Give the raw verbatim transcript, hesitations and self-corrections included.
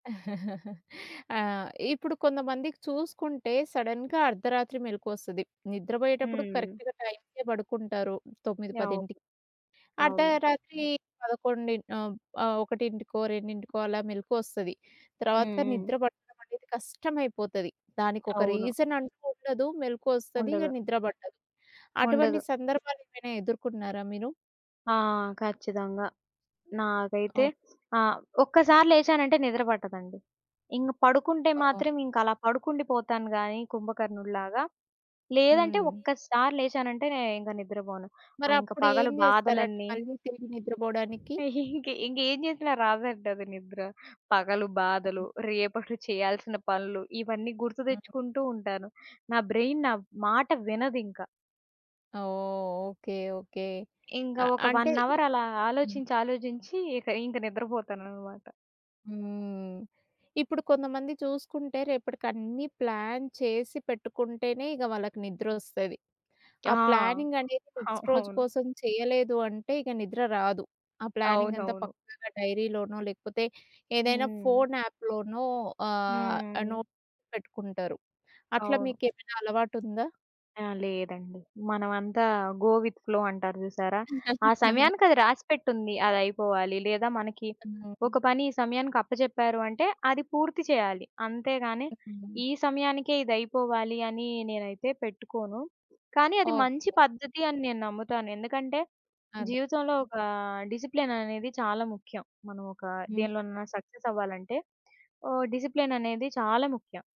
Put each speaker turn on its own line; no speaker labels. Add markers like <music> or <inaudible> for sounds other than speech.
<chuckles> ఆ! ఇప్పుడు కొంతమందికి చూసుకుంటే, సడన్‌గా అర్ధరాత్రి మెలుకువొస్తది. నిద్రపోయేటప్పుడు
హ్మ్.
కరెక్ట్‌గా టైంకే పడుకుంటారు తొమ్మిది
అవును.
పదింటికి.
అవును.
అర్ధరాత్రి పదకొండి ఆహ్, ఒకటింటికో, రెండింటికో అలా మెలుకువొస్తది.
హ్మ్,
తర్వాత
హ్మ్.
నిద్ర పట్టడమనేది కష్టమైపోతది. దానికొక
అవును.
రీజన్ అంటూ ఉండదు. మెలుకువొస్తది ఇగ
ఉండదు.
నిద్ర పట్టదు. అటువంటి
ఉండదు.
సందర్భాలేమైనా ఎదుర్కొన్నారా మీరు?
ఆ! ఖచ్చితంగా. నాకైతే
ఓకె.
ఆ! ఒక్కసారి లేచానంటే నిద్ర పట్టదండి. ఇంక పడుకుంటే
అవును.
మాత్రం ఇంక అలా పడుకుండి పోతాను గాని కుంభకర్ణుడి‌లాగా, లేదంటే
హ్మ్.
ఒక్కసారి లేచానంటే నేనింక నిద్రపోను. ఆ ఇంక
మరప్పుడు
పగలు
ఏంజేస్తారండి
బాధలన్నీ
మళ్ళీ తిరిగి నిద్రపోడానికి?
<giggles> ఇంక ఇంకేమి చేసినా రాదంటది నిద్ర. పగలు
ఆ!
బాధలు, రేపటి చేయాల్సిన పనులు, ఇవన్నీ గుర్తు
హ్మ్.
తెచ్చుకుంటూ ఉంటాను. నా బ్రెయిన్, నా మాట వినదింక.
ఓహ్! Okay, okay.
ఇంక
అ
ఒక
అంటే
వన్ అవర్
ఇప్
అలా
హ్మ్.
ఆలోచించి, ఆలోచించి ఇక ఇంక నిద్రపోతానన్నమాట.
హ్మ్. ఇప్పుడు కొంతమంది చూసుకుంటే, రేపటకన్నీ ప్లాన్ చేసి పెట్టుకుంటేనే ఇగ వాళ్ళకి నిద్రొస్తది.
ఆ!
ఆ ప్లానింగ్ అనేది
ఆ!
నెక్స్ట్ రోజు
అవును.
కోసం చేయలేదు అంటే ఇగ నిద్ర రాదు. ఆ ప్లానింగ్ అంతా
అవునవును.
పక్కాగా డైరీలోనో, లేకపోతే ఏదైనా
హ్మ్.
ఫోను యాప్‌ లోనో ఆహ్,
హ్మ్.
నోట్ చేసి పెట్టుకుంటారు. అట్లా
అవును.
మీకేమైనా అలవాటుందా?
ఆ! లేదండి. మనమంతా గో విత్ ఫ్లో అంటారు జూసారా? ఆ
<chuckles>
సమయానికది రాసిపెట్టుంది. అదయిపోవాలి లేదా మనకి
హ్మ్.
ఒక పని ఈ సమయానికి అప్పజెప్పారు అంటే అది పూర్తి చేయాలి. అంతేగాని
హ్మ్.
ఈ సమయానికే ఇది అయిపోవాలి అని నేనైతే పెట్టుకోను. కానీ అది మంచి
ఓకె.
పద్ధతి అని నేను నమ్ముతాను. ఎందుకంటే,
అదె.
జీవితంలో ఒక డిసిప్లిన్ అనేది చాలా ముఖ్యం. మనమొక
హ్మ్.
దేనిలోనైనా సక్సెస్ అవ్వాలంటే, ఓహ్, డిసిప్లిన్ అనేది చాలా ముఖ్యం.